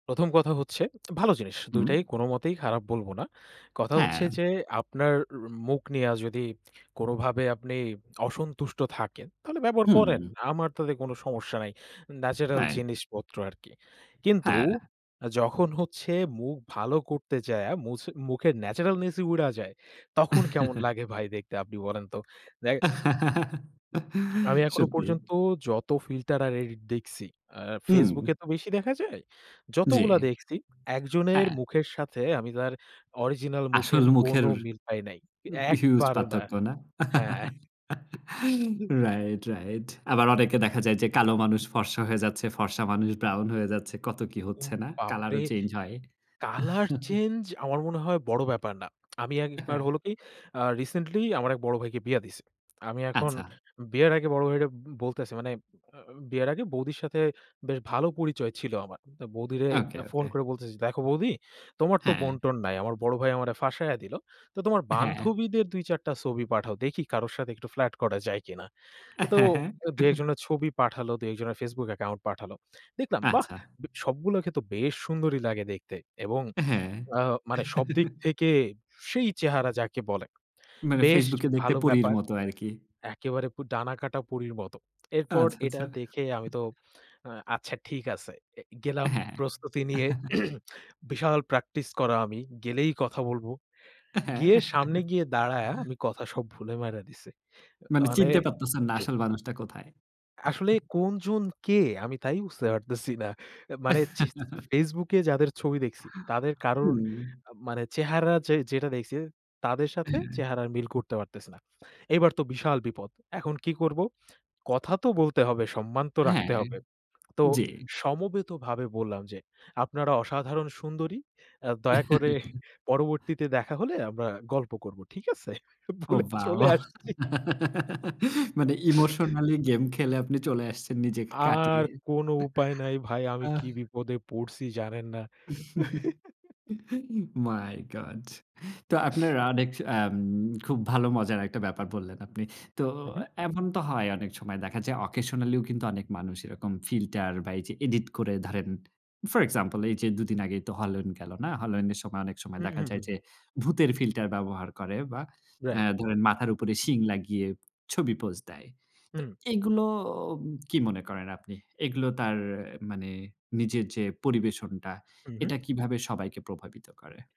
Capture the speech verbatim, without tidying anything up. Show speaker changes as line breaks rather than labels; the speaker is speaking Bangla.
প্রথম কথা হচ্ছে ভালো জিনিস। দুই
হুম।
টাই কোনমতেই খারাপ বলব না। কথা হচ্ছে
হ্যাঁ।
যে, আপনার অ মুখ নিয়া যদি কোনভাবে আপনি অসন্তুষ্ট থাকেন, তাহলে ব্যবহার করেন।
হুম।
আমার তাতে কোন সমস্যা নাই। ন্যাচারাল
হ্যাঁ।
জিনিসপত্র আরকি। কিন্তু
হ্যাঁ।
যখন হচ্ছে মুখ ভালো করতে যায়া, মুছ মুখের ন্যাচারালনেসই উইড়া যায়, তখন কেমন লাগে ভাই দেখতে? আপনি বলেন তো। দেক আমি এখনো
সত্যি।
পর্যন্ত যত ফিল্টার আর এডিট দেখছি। আ
হুম।
FaceBook এ তো বেশি দেখা যায়। যতগুলা
জ্বী।
দেখছি একজনের
হ্যাঁ।
মুখের সাথে আমি তার অরিজিনাল মুখের
আসল
কোন
মুখের
মিল পাই নাই।
হিউজ
একবারও না।
পার্থক্য, না?
হ্যাঁ।
Right, right. আবার অনেকে দেখা যায় যে, কালো মানুষ ফর্সা হয়ে যাচ্ছে, ফর্সা মানুষ ব্রাউন হয়ে যাচ্ছে, কত কি
উ
হচ্ছে না? কালার
বাপরে!
ও চেঞ্জ হয়।
কালার চেঞ্জ, আমার মনে হয় বড় ব্যাপার না আমি আগে একবার
হ্যাঁ।
হলো কি? আ রিসেন্টলি আমার এক বড় ভাইকে বিয়া দিছি। আমি এখন
আচ্ছা।
বিয়ের আগে বড় ভাইরে বলতেছি। মানে আ বিয়ের আগে বৌদির সাথে বেশ ভালো পরিচয় ছিল আমার। বৌদিরে
ওকে,
ফোন
ওকে।
করে বলতেছি, দেখো বৌদি তোমার তো
হ্যাঁ।
বোন-টোন নাই। আমার বড় ভাই আমারে ফাঁসাইয়া দিল। তো তোমার
হ্যাঁ।
বান্ধবীদের দুই চার টা ছবি পাঠাও। দেখি কারো সাথে একটু ফ্লাট করা যায় কিনা।
হ্যাঁ,
তো
হ্যাঁ।
দুই এক জনের ছবি পাঠালো, দুই এক জনের FaceBook অ্যাকাউন্ট পাঠালো। দেখলাম বাহ!
আচ্ছা।
সবগুলোকে তো বেশ সুন্দরি লাগে দেখতে এবং
হ্যাঁ।
আ মানে সবদিক থেকে সেই চেহারা! যাকে বলে।
মানে
বেশ
FaceBook এ দেখতে
ভালো
পরীর
ব্যাপার,
মত আরকি।
একেবারে ডানাকাটা পরীর মতো। এরপর
আচ্ছা,
এটা
আচ্ছা।
দেখে আমি তো আচ্ছা ঠিক আছে। এ গেলাম
হ্যাঁ।
প্রস্তুতি নিয়ে বিশাল প্র্যাকটিস করা আমি, গেলেই কথা বলব।
হ্যাঁ।
গিয়ে সামনে গিয়ে দাঁড়ায়া আমি কথা সব ভুলে মাইরা দিছি।
মানে
মানে
চিনতে পারতেছেন না। আসল মানুষটা কোথায়?
আসলে কোনজন কে? আমি তাই বুঝতে পারতেছি না। মানে যে, সি FaceBook যাদের ছবি দেখছি, তাদের কারোর
হুম।
মানে চেহারা যে যেটা দেখছি। তাদের সাথে
হ্যাঁ,
চেহারা মিল করতে পারতেছে না। এবার তো বিশাল বিপদ। এখন কি করব? কথা তো বলতে হবে, সম্মান তো রাখতে
হ্যাঁ,
হবে। তো
জ্বী।
সমবেতভাবে বললাম যে, আপনারা অসাধারণ সুন্দরী। আ দয়া করে পরবর্তীতে দেখা হলে আমরা গল্প করব। ঠিক আছে?
ও
বলে
ওয়াও!
চলে আসছি
মানে ইমোশনালি গেম খেলে আপনি চলে আসছেন নিজেকে
আর
কাটিয়ে
কোনো উপায় নাই ভাই, আমি
আ
কী বিপদে পড়ছি জানেন না।
my God তো আপনার অনেক আ খুব ভালো মজার একটা ব্যাপার বললেন আপনি। তো
হু, হুম।
এমন তো হয় অনেক সময় দেখা যায়। অকেশনালিও কিন্তু অনেক মানুষ এরকম ফিল্টার বা এই যে, এডিট করে। ধরেন ফর এক্সাম্পল, এই যে, দুই দিন আগেই তো হলোইন গেল না? হলোইন এর সময় অনেক সময়
হু,
দেখা
হু, হু,
যায় যে,
হুম।
ভূতের ফিল্টার ব্যবহার করে বা
রাইট।
এ্যা ধরেন মাথার উপরে শিং লাগিয়ে ছবি পোজ দেয়। তো
হুম।
এগুলো কি মনে করেন আপনি? এগুলো তার মানে নিজের যে, পরিবেশনটা,
হু, হুম।
এটা কীভাবে সবাইকে প্রভাবিত করে?